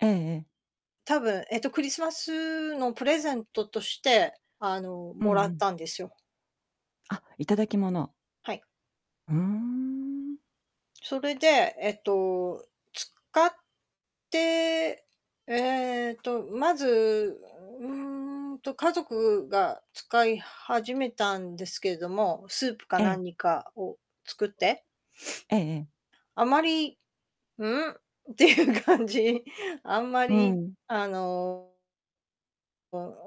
ええええ。たぶん、えっと、クリスマスのプレゼントとして、あの、うんもらうっん。たんですよ。あ、頂き物。はい。うーん。それで、えっと、使って、えっと、うまず、ううーんと、家族が使い始めたんですけども、スープかええ。何かを作って、ええええ。あまり「うん？」っていう感じ。あんまうり、ん。あのこう、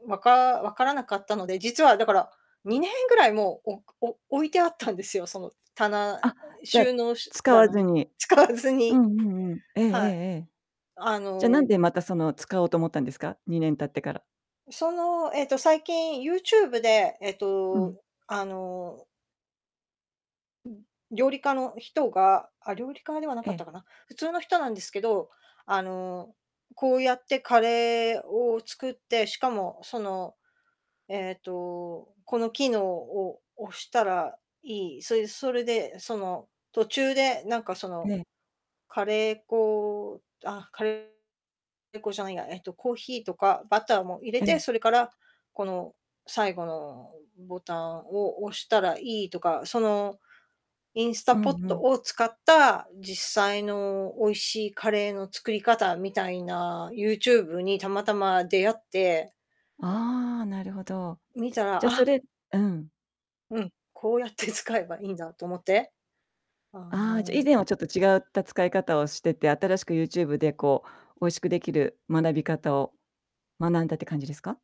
おうん、わか分からなかったので、実は、だから、2年ぐらいもう、おくお置いてあったんですよ、その、棚えあ、えじゃ、収納しゅ使わ棚ずに、に。使わずうんにうんうん。ええええはい、ええ。あじゃ、なんのでまた、その、使おうと思ったんですか？2年経ってから。その、えっと、最近、YouTube で、えっうと、ん。あのうん。料理家の人が、あ、料理家ではなえかっえ。たかな、普通の人なんですけど、あの、こうやってカレーを作って、しかも、その、えっと、この機能を押したらいい、そいでそれで、その、途中でなんかそえの、え。カレー粉あ、カレー粉じゃないや、えっと、コーヒーとかバターも入れえて、え。それから、この最後のボタンを押したらいいとか、その、インスタうんポッうトん。を使った実際の美味しいカレーの作り方みたいな、YouTube にたまたま出会ってああ、なるほど。見たら、じゃ、そあれうん。うん、こうやって使えばいいんだと思って、あああ、じゃ、以の前はちょっと違った使い方をしてて、新しく YouTube でこう、美味しくできる学び方を、学んだって感じですか？